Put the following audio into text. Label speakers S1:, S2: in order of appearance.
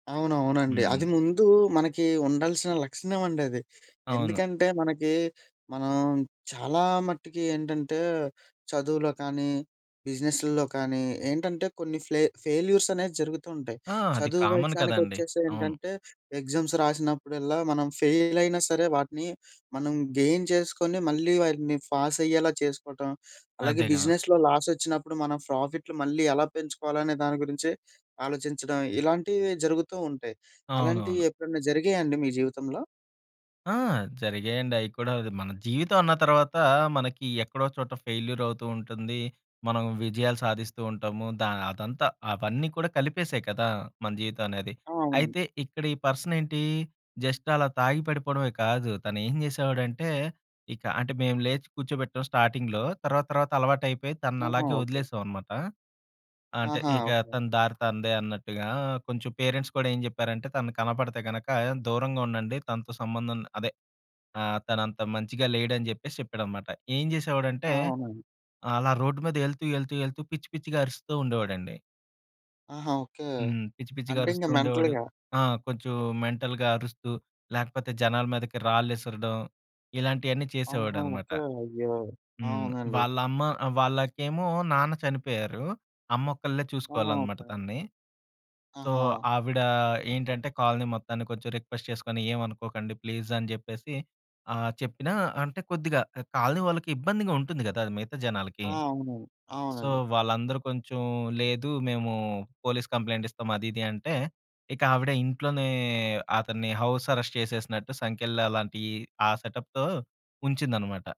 S1: అవునవునండి.
S2: హ్మ్.
S1: అది ముందూ మనకి ఉండాల్సిన లక్షణవండి అది.
S2: అవును.
S1: ఎందుకంటే, మనకి మనం చాలా మట్టికి ఏంటంటే, చదువులో కానీ, బిజినెసుల్లో కానీ, ఏంటంటే కొన్ని ఫ్లె ఫెయిల్యూర్స్ అనేది జరుగుతూ ఉంటాయి.
S2: ఆ! అది
S1: చదువు
S2: కామన్ కదండీ!
S1: విషయానికొచ్చేసి
S2: అవును.
S1: ఏంటంటే, ఎగ్జమ్స్ రాసినప్పుడల్లా, మనం ఫెయిలయినా సరే, వాటిని మనం గెయిన్ చేసుకొని, మళ్ళీ వాటిని ఫాసయ్యేలా చేసుకోటం. అలాగే
S2: అదేగా!
S1: బిజినెస్‌లో లాసొచ్చినప్పుడు, మనం ఫ్రోఫిట్లు మళ్ళీ ఎలా పెంచుకోవాలనే దాని గురించే ఆలోచించడం. ఇలాంటివి జరుగుతూ ఉంటాయి. అలాంటియి
S2: అవునవును.
S1: ఎప్పుడైనా జరిగాయాండి మీ జీవితంలో?
S2: ఆ! జరిగాయండి. అయి కూడా. అది మన జీవితం అన్న తరవాత, మనకి ఎక్కడో ఒకచోట ఫెయిల్యూర్ అవుతూ ఉంటుంది. మనం విజయాలు సాధిస్తూ ఉంటాము. ద అదంతా అవన్నీ కూడా కలిపేసే కదా! మన జీవితం అనేది.
S1: ఆ! అవునండి.
S2: అయితే, ఇక్కడీ పర్సనేంటీ, జస్ట్ అలా తాగి పడిపోడమే కాదు. తను ఏం చేసేవాడంటే, ఇక అంటే మేము లేచి కూచోబెట్టాం స్టాటింగ్‌లో. తర్వాత తర్వాత అలవాటయిపోయి, తనని
S1: ఆహా!
S2: అలాగే
S1: ఓకే.
S2: వదిలేసాం అనమాట. అంటే,
S1: ఆహా!
S2: ఇక
S1: ఓకే.
S2: తన దారి తనదే అన్నట్టుగా. కొంచెం పేరెంట్స్ కూడా ఏం జెప్పేరంటే, తను కనపడితే గనక, దూరంగా ఉండండి. తనతో సంబంధం అదే. ఆహ్, తనంత మంచిగా లేడని జెప్పేసి చెప్పేడనమాట. ఏం జేసేవాడంటే,
S1: అవునండి.
S2: అలా రోడ్డు మీద యెళ్తూ, యెళ్తూ, యెళ్తూ పిచ్చి పిచ్చిగా అరుస్తూ ఉండేవాడండి.
S1: ఆహా! ఓకే.
S2: హ్మ్. పిచ్చి పిచ్చిగా
S1: అంటే, ఇంక
S2: అరుస్తూ ఉండేవాడు.
S1: మెంటల్‌గా
S2: ఆ! కొంచెం మెంటల్‌గా అరుస్తూ, లేకపోతే జనాల మీదకి రాళ్ళిసరడం ఇలాంటియన్నీ
S1: ఆహా!
S2: చేసేవాడనమాట.
S1: ఓకే. అయ్యో!
S2: హ్మ్.
S1: అవునండి.
S2: వాళ్ళమ్మ, ఆహ్, వాళ్ళకేమో నాన్న చనిపోయారు. అమ్మొకళ్ళే
S1: ఆహా!
S2: చూసుకోవాలనమాట
S1: ఓకే.
S2: తనని. సో,
S1: ఆహా!
S2: ఆవిడా ఏంటంటే, కోలనీ మొత్తాన్ని కొంచెం రిక్వెస్ట్ చేసుకొని, ఏవనుకోకండి ప్లీజ్ అని చెప్పేసి, ఆహ్, చెప్పినా అంటే కొద్దిగా ఎ కాలనీ వాళ్ళకి ఇబ్బందిగా ఉంటుంది కదా, అది మిగతా జనాలకి.
S1: ఆ! అవును.
S2: సో,
S1: అవునండి.
S2: వాళ్ళందరూ కొంచుం లేదు మేము పోలీస్ కంప్లెయింట్ ఇస్తాం. అది ఇది అంటే, ఇక ఆవిడ ఇంట్లోనే అతన్ని హౌస్ అరెస్ట్ చేసేసినట్టు సంకెళ్ళలాంటియి, ఆ సెటప్‌తో ఉంచిందనమాట.